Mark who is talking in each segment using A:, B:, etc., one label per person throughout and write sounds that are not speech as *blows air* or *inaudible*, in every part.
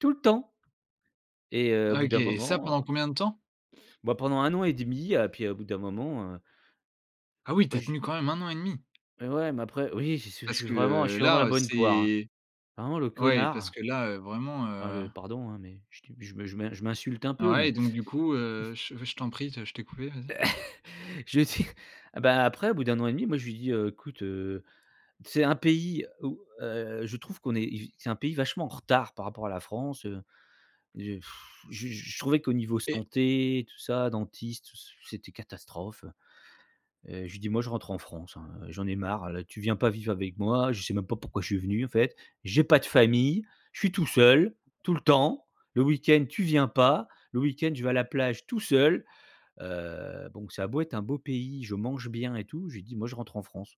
A: Tout le temps. Et heu, au bout
B: OK,
A: d'un
B: et ça,
A: moment, heu
B: pendant combien de temps?
A: Bah, pendant an 1/2, heu et puis au bout d'un moment, heu
B: Ah, oui! Tu
A: Heu,
B: as
A: j
B: tenu quand même 1 an 1/2!
A: Mais ouais, mais après, oui, j'y suis je
B: Parce
A: suis
B: que,
A: vraiment je
B: heu,
A: suis vraiment la
B: là
A: bonne poire, hein.
B: c'est
A: Vraiment le
B: Ouais parce
A: connard!
B: que, là, heu, vraiment,
A: Enfin,
B: heu
A: le pardon, hein, mais je tu je me je m'in je m'insulte un peu
B: Ah, ouais
A: mais
B: et donc du coup,
A: *chuckles*
B: heu je je t'en prie de je t'ai coupé. Vas-y.
A: *chuckles* Je lui ai dit eh bah, après, au bout d' an 1/2, moi je lui ai dit: «Heu, écoute, heu, c'est un pays où heu, je trouve qu'on est c'est un pays vachement en retard par rapport à la France», heu. Déj *blows air* je je je trouvais qu'au niveau
B: Et
A: santé et tout ça, dentiste, tout c c'était catastrophe. Heu, je lui ai dit: «Moi, je rentre en France. Hein, heu, j'en ai marre. Là, tu viens pas vivre avec moi. Je sais même pas pourquoi je suis venu, en fait. J'ai pas de famille. Je suis tout seul, tout le temps. Le weekend, tu viens pas. Le weekend, je vais à la plage tout seul». Heu, donc ça a beau être un beau pays, je mange bien et tout, je lui ai dit: «Moi, je rentre en France».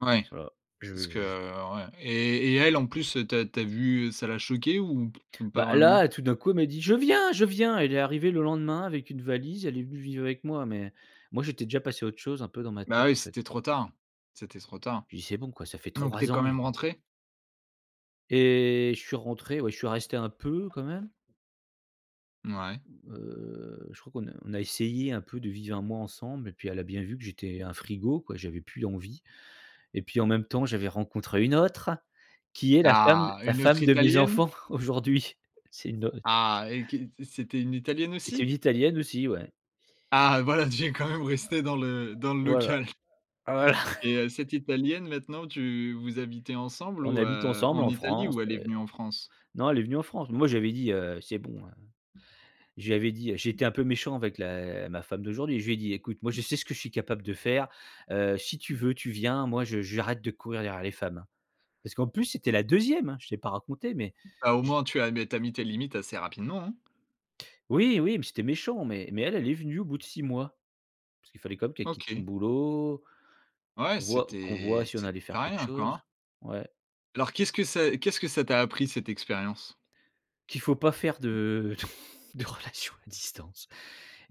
B: Ouais.
A: Voilà.
B: Parce
A: Je
B: que,
A: j'ai je
B: heu ouais. Et et elle, en plus, heu, tu as tu as vu, ça l'a choquée ou *lip trill* ou pas
A: Bah,
B: vraiment?
A: là, tout d'un coup, elle m'a dit: «Je viens! Je viens!» Elle est arrivée le lendemain avec une valise. Elle est venue vivre avec moi, mais moi, j'étais déjà passé à autre chose un peu dans ma
B: Bah,
A: tête,
B: oui,
A: en fait.
B: c'était trop tard. C'était trop tard.
A: Je lui dis: «C'est bon quoi, ça fait
B: Donc tu es
A: 3
B: quand
A: ans,
B: même
A: heu!»
B: rentré?
A: Et je suis rentré, ouais. Je suis resté un peu, quand même.
B: Mouais.
A: Heu, je crois qu'on a on a essayé un peu de vivre 1 mois ensemble et puis elle a bien vu que j'étais un frigo, quoi. J'avais plus envie. Et puis, en même temps, j'avais rencontré une autre qui est la femme
B: Ah!
A: la
B: Une autre
A: femme de mes
B: Italienne?
A: enfants, aujourd'hui. C'est une aut
B: Ah! Et que
A: *unintelligible*
B: c'était une Italienne
A: Et c'est une
B: aussi?
A: italienne, aussi, ouais.
B: Ah, voilà! Tu es, quand même resté dans le dans le
A: Voilà.
B: local
A: Ah bah, là!
B: *chuckles* et
A: *chuckles*
B: heu, cette Italienne, maintenant, tu vous habitez ensemble
A: On
B: ou
A: habite
B: heu?
A: ensemble
B: En
A: en
B: Italie ou
A: France
B: elle est
A: et heu
B: venue en France?
A: non, elle est venue en France. Moi, je lui avais dit, heu, c'est bon, heu. Je lui avais dit heu, j'ai été un peu méchant avec la ma femme d'aujourd'hui. Je lui ai dit: «Écoute, moi, je sais ce que je suis capable de faire. Heu, si tu veux, tu viens. Moi, je j'arrête de courir derrière les femmes, hein». Parce qu'en plus, c'était la 2e hein! Je t'ai pas raconté, mais
B: Bah, au
A: je
B: moins, tu as mets tu as mis tes limites assez rapidement, hein.
A: Oui, oui, mais c'était méchant, mais mais elle, elle est venue au bout de 6 mois. Parce qu'il fallait quand même qu'elle quitte son
B: OK.
A: boulot,
B: Ouais,
A: on voit qu'on voit
B: c'était
A: si on
B: c'était
A: allait faire
B: pas
A: quelque
B: rien, quoi,
A: chose.
B: hein!
A: Ouais.
B: Alors, qu'est-ce que c'est qu'est-ce que ça t'a appris, cette expérience?
A: Qu'il faut pas faire de *chuckles* de relation à distance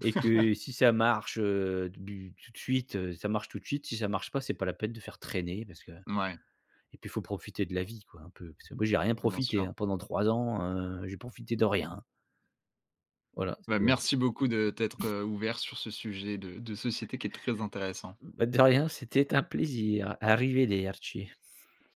A: et que si ça marche, heu, du tout de suite, heu, ça marche tout de suite. Si ça marche pas, c'est pas la peine de faire traîner parce que
B: Mouais.
A: et puis faut profiter de la vie, quoi, un peu. Parce que moi, j'ai rien
B: Bien
A: profité,
B: sûr.
A: hein, pendant 3 ans, heu, j'ai profité de rien, hein! Voilà,
B: Bah,
A: c'est un peu
B: merci beaucoup de t'être, heu, ouvert sur ce sujet de de société qui est très intéressant.
A: Bah, de rien, c'était un plaisir. Arrivederci.